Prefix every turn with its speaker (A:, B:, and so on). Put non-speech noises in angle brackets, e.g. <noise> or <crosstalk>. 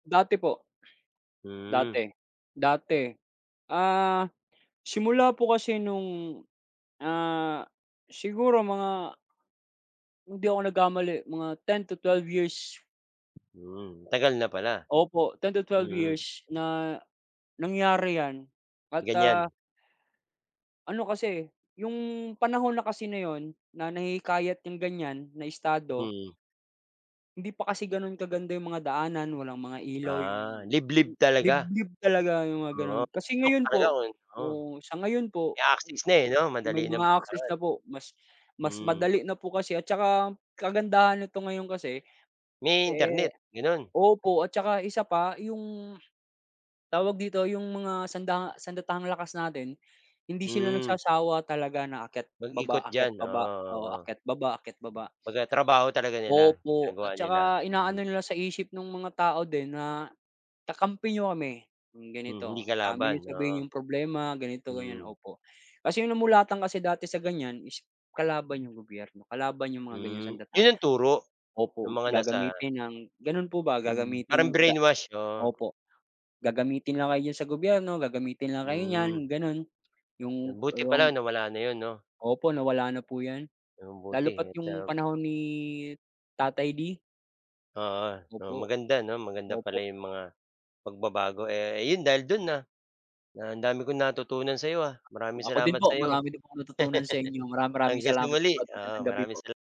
A: Dati po.
B: Hmm.
A: Dati, dati. Ah, simula po kasi nung, ah, siguro mga Hindi ako nagkamali, mga 10 to 12 years.
B: Hmm, tagal na pala,
A: Opo, 10 to 12
B: mm.
A: years na nangyari 'yan, at ah
B: Ganiyan.
A: Ano kasi, eh, 'yung panahon na kasi na 'yun na nahihikayat yang ganiyan na estado
B: Hmm.
A: Hindi pa kasi ganun kaganda 'yung mga daanan, walang mga ilaw
B: Ah,
A: 'yung
B: liblib talaga?
A: liblib talaga 'yung mga
B: Oo,
A: gano'n. Kasi
B: bundok
A: ngayon
B: talaga,
A: po
B: oo.
A: oo, sa ngayon po,
B: May access na eh 'no,
A: may
B: madali ng
A: mga access
B: puntahan.
A: na po, mas mas
B: Hmm.
A: madali na po kasi at tsaka kagandahan neto ngayon kasi
B: May Internet,
A: eh
B: gano'n?
A: opo at tsaka isa pa 'yung tawag dito, 'yung mga sanda sandatahang lakas natin, hindi sila
B: Hmm.
A: nagsasawa talaga na akyat, baba,
B: Mag-ikot
A: akyat,
B: diyan,
A: baba,
B: oo,
A: oo,
B: oo.
A: akyat, baba, akyat, baba.
B: Kumbaga trabaho talaga nila,
A: Opo
B: ginagawa
A: at
B: nila,
A: tsaka
B: mm.
A: inaano nila sa isip nung mga tao din na, kakampi niyo kami, 'yung
B: Mm, hindi
A: ganito, sa'min
B: kalaban,
A: niyo sabihin
B: oo.
A: 'yung problema, ganito, ganyan,
B: Mhm.
A: opo. Kasi 'yung namulatan kasi dati sa ganiyan is kalaban 'yung gobyerno, kalaban 'yung mga ganiyang
B: Hmm, 'yon
A: sandatahan.
B: ang turo, ng
A: Opo,
B: mga nasa
A: gagamitin ng ganun po ba,
B: Hmm, parang
A: gagamitin ga
B: brainwash, oo.
A: opo, gagamitin lang kayo diyan sa gobyerno, gagamitin lang kayo niyan
B: Hmm.
A: 'yung ganun, 'yung
B: Buti
A: 'yung
B: pala nawala na 'yun 'no.
A: opo, nawala na po 'yan, lalo
B: Mabuti
A: pa
B: at
A: 'yung
B: um
A: panahon ni tatay D.
B: Oo 'no.
A: Opo,
B: Maganda 'no, maganda
A: opo.
B: pala 'yong mga pagbabago, eh, ayon dahil do'n na na ang dami kong natutunan sa 'yo ha. Maraming
A: Ako din
B: salamat
A: po,
B: sa 'yo.
A: marami din akong natutunan sa inyo. Marami
B: <chuckles>
A: maraming
B: Hanggang sa
A: salamat po
B: muli,
A: at
B: oo.
A: magandang gabi
B: Maraming
A: po.
B: sal